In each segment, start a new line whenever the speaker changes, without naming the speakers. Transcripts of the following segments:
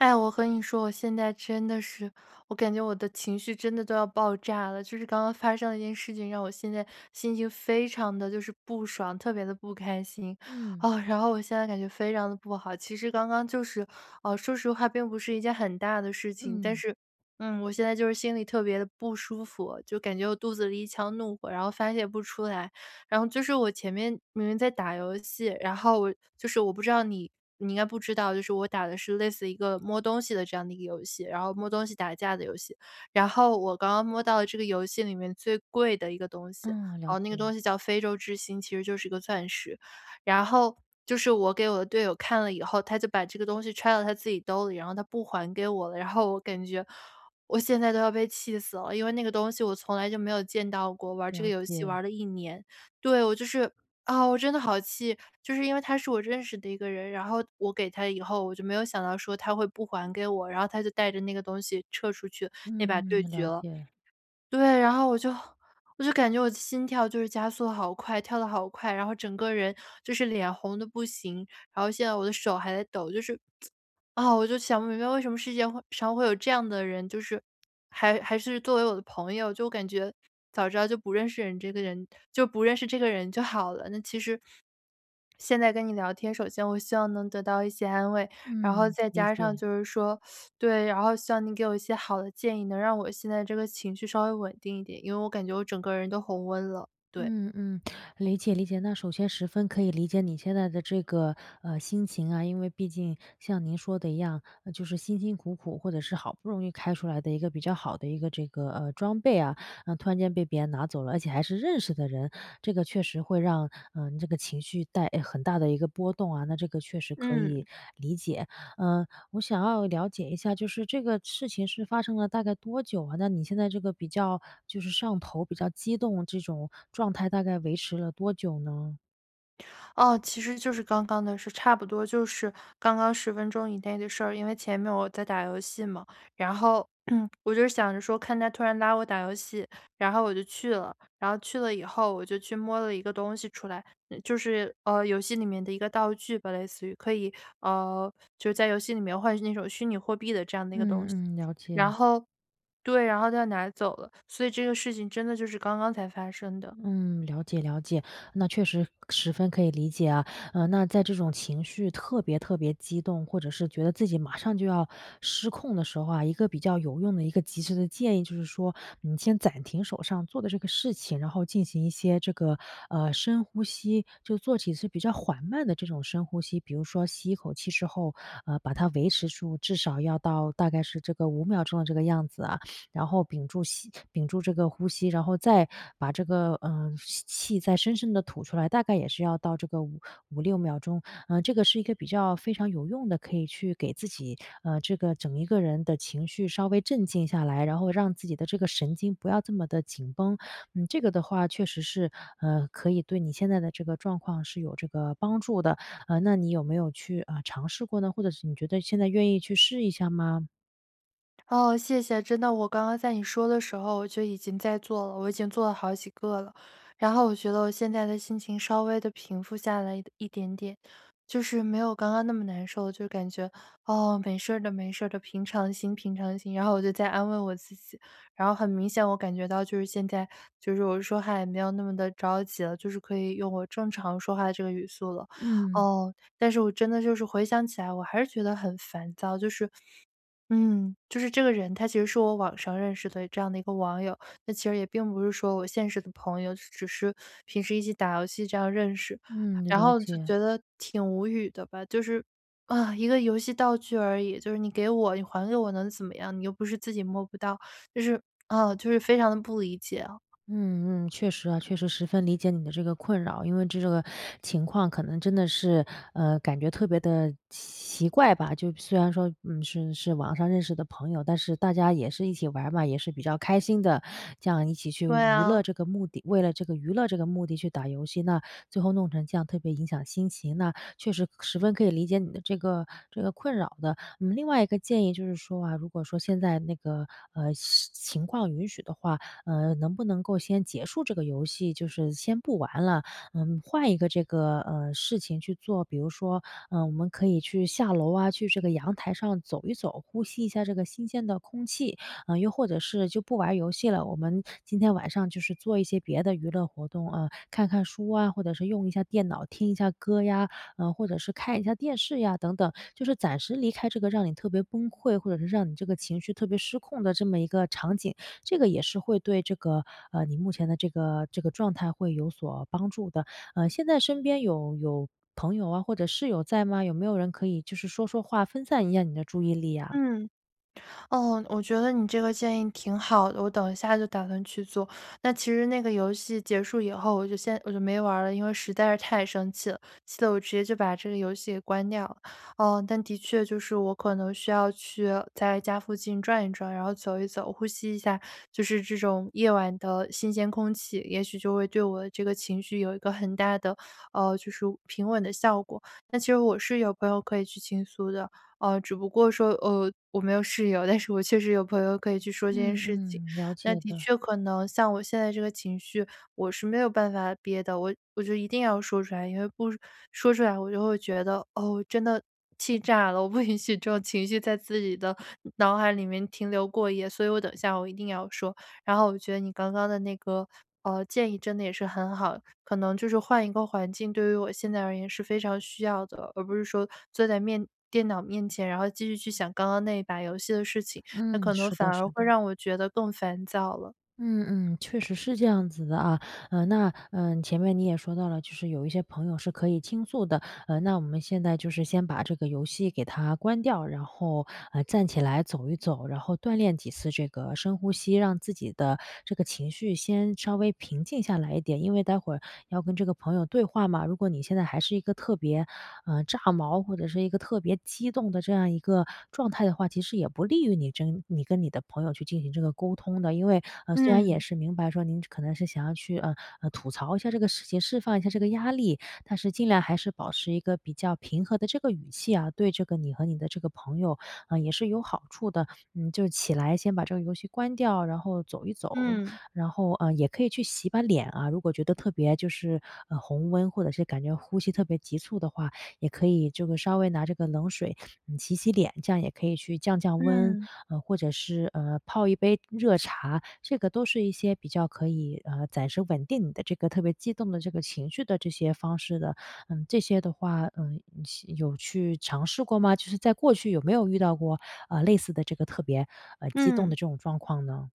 哎，我和你说，我现在真的是我感觉我的情绪真的都要爆炸了，就是刚刚发生的一件事情，让我现在心情非常地就是不爽，特别地不开心，
嗯。
哦，然后我现在感觉非常地不好。其实刚刚就是，呃，说实话并不是一件很大的事情，但
嗯。
是，嗯，我现在就是心里特别地不舒服，就感觉我肚子里一腔怒火然后发泄不出来。然后就是我前面明明在打游戏，然后我就是我不知道你你应该不知道，就是我打的是类似一个摸东西的这样的一个游戏，然后摸东西打架的游戏。然后我刚刚摸到了这个游戏里面最贵的一个东西，
嗯，
然
了
后那个
解。
东西叫非洲之星，其实就是一个钻石。然后就是我给我的队友看了以后他就把这个东西揣到他自己兜儿里，然后他不还给我了。然后我感觉我现在都要被气死了，因为那个东西我从来就没有见到过，玩儿这个
了
游戏玩
解。
儿了1年。对，我就是，啊，我真的好气，就是因为他是我认识的一个人，然后我给他以后我就没有想到说他会不还给我，然后他就带着那个东西撤出去那把对
嗯，
决
了
了。
解。
对，然后我就我就感觉我的心跳就是加速好快，跳得好快，然后整个人就是脸红得不行，然后现在我的手还在抖。就是，啊，我就想不明白为什么世界会上会有这样的人，就是还还是作为我的朋友，就我感觉早知道就不认识人这个人就不认识这个人就好了。那其实现在跟你聊天，首先我希望能得到一些安慰，然后
嗯，
再
理
加上
解。
就是说，对，然后希望你给我一些好的建议，能让我现在这个情绪稍微稳定一点，因为我感觉我整个人都红温了，对。
嗯嗯，理解理解。那首先十分可以理解你现在的这个，呃，心情啊。因为毕竟像您说的一样，就是辛辛苦苦或者是好不容易开出来的一个比较好的一个这个，呃，装备啊，那突然间被别人拿走了，而且还是认识的人，这个确实会让，呃，这个情绪带诶，很大的一个波动啊，那这个确实可以
嗯。
理解。嗯，我想要了解一下，就是这个事情是发生了大概多久啊，那你现在这个比较就是上头比较激动这种状态大概维持了多久呢？
哦，其实就是刚刚的事。差不多就是刚刚10分钟以内的事儿。因为前面我在打游戏嘛，然后 我就想着说看他突然拉我打游戏，然后我就去了。然后去了以后我就去摸了一个东西出来，嗯，就是，呃，游戏里面的一个道具吧，类似于。可以呃，就是在游戏里面换取那种虚拟货币的这样的一个东西。
嗯嗯，了
然
解。
后对，然后他拿走了。所以这个事情真的就是刚刚才发生的。
嗯，了解了解，那确实十分可以理解啊。呃，那在这种情绪特别特别激动，或者是觉得自己马上就要失控的时候啊，一个比较有用的一个及时的建议，就是说，你先暂停手上做的这个事情，然后进行一些这个，呃，深呼吸。就做几次比较缓慢的这种深呼吸，比如说吸一口气之后，呃，把它维持住，至少要到大概是这个5秒钟的这个样子啊，然后屏住吸屏住这个呼吸。然后再把这个，呃，吸气再深深地吐出来，大概也是要到这个五5-6秒钟。呃，这个是一个比较非常有用的，可以去给自己，呃，这个整一个人的情绪稍微镇静下来，然后让自己的这个神经不要这么地紧绷。嗯，这个的话确实是，呃，可以对你现在的这个状况是有这个帮助的。呃，那你有没有去，呃，尝试过呢？或者是你觉得现在愿意去试一下吗？
哦，谢谢。真的我刚刚在你说的时候，我就已经在做了，我已经做了好几个了。然后我觉得我现在的心情，稍微地平复下来的一点点，就是没有刚刚那么难受。就感觉：“哦，没事儿的没事儿的，平常心平常心。”然后我就在安慰我自己，然后很明显我感觉到，就是现在，就是我说话也没有那么地着急了，就是可以用我正常说话的这个语速了。
嗯。
哦，但是我真的就是回想起来，我还是觉得很烦躁，就是嗯，就是这个人，他其实是我网上认识的这样的一个网友。那其实也并不是说我现实的朋友，只只是平时一起打游戏这样认识，
嗯，
然
了
后就
解。
觉得挺无语的吧。就是啊，一个游戏道具而已，就是你给我你还给我能怎么样，你又不是自己摸不到，就是啊，就是非常地不理解啊。
嗯嗯，确实啊，确实十分理解你的这个困扰。因为这个情况可能真的是，呃，感觉特别地奇怪吧。就虽然说，嗯，是是网上认识的朋友，但是大家也是一起玩儿嘛，也是比较开心的，这样一起去
对
娱乐
啊。
这个目的为了这个娱乐这个目的去打游戏，那最后弄成这样，特别影响心情。那确实十分可以理解你的这个这个困扰的。嗯，另外一个建议，就是说啊，如果说现在那个，呃，是情况允许的话，呃，能不能够先结束这个游戏，就是先不玩了，嗯，换一个这个，呃，事情去做。比如说，呃，我们可以去下楼啊，去这个阳台上走一走，呼吸一下这个新鲜的空气。啊，又或者是就不玩儿游戏了，我们今天晚上就是做一些别的娱乐活动，呃，看看书啊，或者是用一下电脑，听一下歌呀，嗯，或者是看一下电视呀等等。就是暂时离开这个让你特别崩溃，或者是让你这个情绪特别失控的这么一个场景，这个也是会对这个呃，你目前的这个这个状态会有所帮助的。呃，现在身边有有朋友啊，或者室友在吗？有没有人可以就是说说话，分散一下你的注意力啊？
嗯，哦，我觉得你这个建议挺好的，我等一下就打算去做。那其实那个游戏结束以后，我就先我就没玩儿了，因为实在是太生气了，气得我直接就把这个游戏给关掉了。呃，但的确，就是我可能需要去在家附近转一转，然后走一走、呼吸一下，就是这种夜晚的新鲜空气。也许就会对我这个情绪有一个很大的呃，就是平稳的效果。但其实我是有朋友可以去倾诉的，呃，只不过说呃，我没有室友，但是我确实有朋友可以去说这件
嗯
事情。
嗯，了
那
解
的
的。
确可能，像我现在这个情绪，我是没有办法憋的，我我就一定要说出来，因为不说出来，我就会觉得：“哦，真的气炸了。”我不允许这种情绪在自己的脑海里面停留过夜。所以我等一下，我一定要说。然后我觉得你刚刚的那个，呃，建议真的也是很好，可能就是换一个环境，对于我现在而言是非常需要的，而不是说坐在面电脑面前，然后继续去想刚刚那一把游戏的事情，那
嗯，
可能
是
反
的
而
是
会
的。
让我觉得更烦躁了。
嗯嗯。确实是这样子的啊。呃，那，呃，前面你也说到了，就是有一些朋友是可以倾诉的。呃，那我们现在就是先把这个游戏给它关掉，然后，呃，站起来走一走，然后锻炼几次这个深呼吸，让自己的这个情绪先稍微平静下来一点。因为待会要跟这个朋友对话嘛，如果你现在还是一个特别，呃，炸毛，或者是一个特别激动的这样一个状态的话，其实也不利于你真你跟你的朋友去进行这个沟通的。因为，呃，虽然也
嗯。
是明白说，您可能是想要去，呃，呃，吐槽一下这个事情，释放一下这个压力，但是尽量还是保持一个比较平和的这个语气啊，对这个你和你的这个朋友，啊，也是有好处的。嗯，就起来先把这个游戏关掉，然后走一走，
嗯。
然后，呃，也可以去洗把脸啊，如果觉得特别就是，呃，红温，或者是感觉呼吸特别急促的话，也可以就是稍微拿这个冷水 洗洗脸，这样也可以去降降温。
嗯。
呃，或者是，呃，泡一杯热茶，这个都是一些比较可以，呃，暂时稳定你的这个特别激动的这个情绪的这些方式的。嗯，这些的话，呃，吸有去尝试过吗？就是在过去有没有遇到过，呃，类似的这个特别，呃，激动的
嗯。
这种状况呢？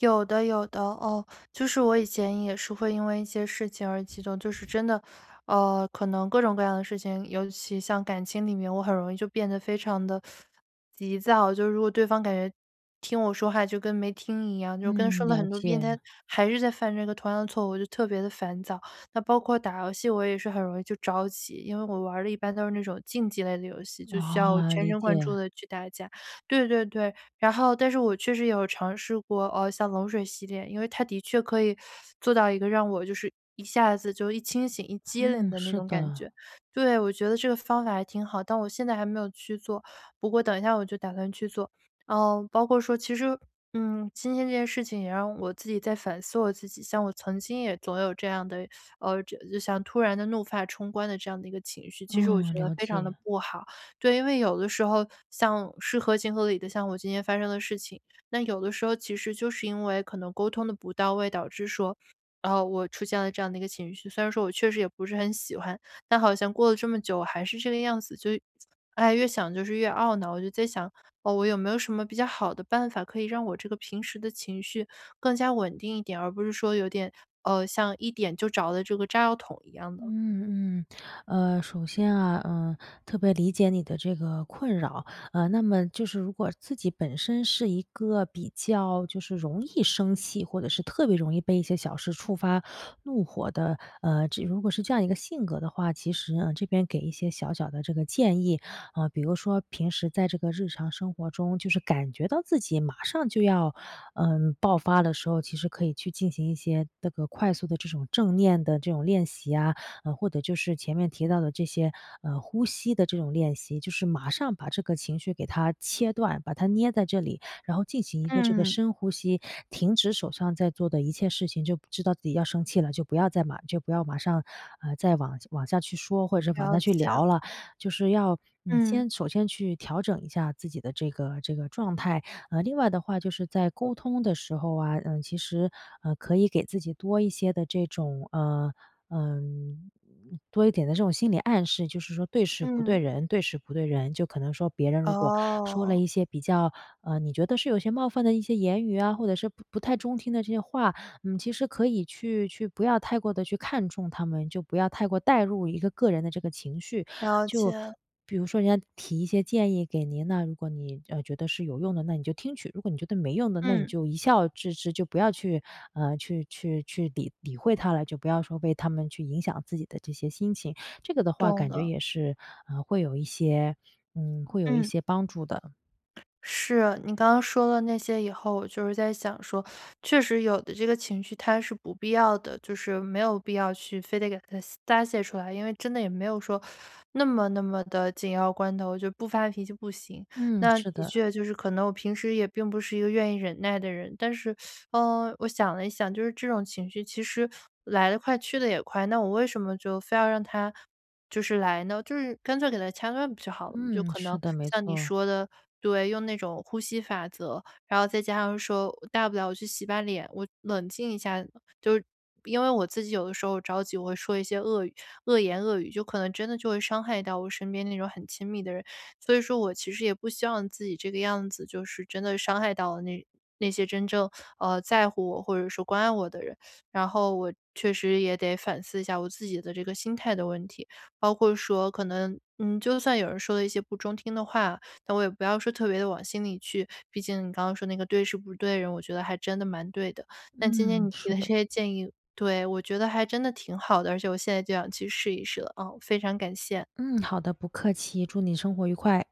有的有的，哦，就是我以前也是会因为一些事情而激动，就是真的，呃，可能各种各样的事情，尤其像感情里面，我很容易就变得非常地 急躁，就如果对方感觉听我说话就跟没听一样，就跟说
嗯，
了
了
很多遍，他
解。
还是在犯这个同样的错误，就特别地烦躁。那包括打游戏，我也是很容易就着急，因为我玩儿的一般都是那种竞技类的游戏，就需要
哦，
全
理
神贯注
解。
地去打架。对对对，然后但是我确实有尝试过，哦像冷水洗脸，因为它的确可以 做到一个让我就是一下子就一清醒一激灵
嗯，
的那
是
种感
的。
觉，对，我觉得这个方法还挺好，但我现在还没有去做，不过等一下我就打算去做。嗯，包括说其实，嗯，今天这件事情也让我自己在反思我自己，像我曾经也总有这样的，呃，这就像突然地怒发冲冠的这样的一个情绪，其实我觉
嗯，
得
了
非常地
解。
不好。对，因为有的时候像是合情合理的，像我今天发生的事情，那有的时候其实就是因为可能沟通得不到位，导致说，啊我出现了这样的一个情绪。虽然说我确实也不是很喜欢，但好像过了这么久，我还是这个样子，就唉，越想就是越懊恼。我就在想，哦我有没有什么比较好的办法可以让我这个平时的情绪，更加稳定一点，而不是说有点，呃，像一点就着了这个炸药桶一样的。
嗯，嗯，呃，首先啊，嗯，特别理解你的这个困扰，呃，那么就是如果自己本身是一个比较就是容易生气，或者是特别容易被一些小事触发怒火的，呃，如果是这样一个性格的话，其实，嗯，这边给一些小小的这个建议。嗯，比如说平时在这个日常生活中，就是感觉到自己马上就要，嗯，爆发的时候，其实可以去进行一些这个快速地这种正念的这种练习呀。或者就是前面提到的这些，呃，呼吸的这种练习，就是马上把这个情绪给它切断，把它捏在这里，然后进行一个这个
嗯。
深呼吸，停止手上在做的一切事情，就知道自己要生气了，就不要再马就不要马上，呃，再往往下去说，或者是往下
了
去
解。
聊了。就是要你
嗯。
先首先去调整一下自己的这个这个状态，呃另外的话就是在沟通的时候啊，嗯其实，呃，可以给自己多一些的这种，呃，嗯，多一点的这种心理暗示，就是说对事不对
嗯。
人对事不对人，就可能说别人如果说了
哦。
一些比较，呃，你觉得是有些冒犯的一些言语啊，或者是不不太中听的这些话，你其实可以去去不要太过的去看重它们，就不要太过带入一个个人的这个情绪。
了
就
解。
比如说人家提一些建议给您，那如果你，呃，觉得是有用的，那你就听取，如果你觉得没用的，那你
嗯。
就一笑置之，就不要去啊去去去理理会它了，就不要说为它们去影响自己的这些心情，这个的话
懂
感觉
了。
也是，嗯，会有一些嗯，会有一
嗯。
些帮助的。
是啊，你刚刚说的那些以后我就是在想说，确实有的这个情绪，它是不必要的，就是没有必要去非得给它泄发泄出来，因为真的也没有说 那么那么地紧要关头，我就不发脾气不行。
嗯，
那
是
的
的。
确就是可能我平时也并不是一个愿意忍耐的人，但是，，呃，我想了一想，就是这种情绪其实来得快去得也快，那我为什么就非要让它就是来呢，就是干脆给它掐断不就好了嘛。就
嗯，
可
是
能，
的，没
像你
错。
说的对，用那种呼吸法则，然后再加上说大不了我去洗把脸，我冷静一下。就是因为我自己有的时候着急，我会说一些恶语恶言恶语，就可能真的就会伤害到我身边那种很亲密的人。所以说我其实也不希望自己这个样子就是真的伤害到那那些真正，呃，在乎我或者说关爱我的人。然后我确实也得反思一下我自己的这个心态的问题，包括说可能，嗯，就算有人说了一些不中听的话，那我也不要说特别的往心里去，毕竟你刚刚说那个对事不对人，我觉得还真的蛮对的。但今天
嗯，
你提
是
的这
的。
些建议对，我觉得还真的挺好的，而且我现在就想去试一试了，嗯，非常感谢。
嗯，好的，不客气，祝你生活愉快。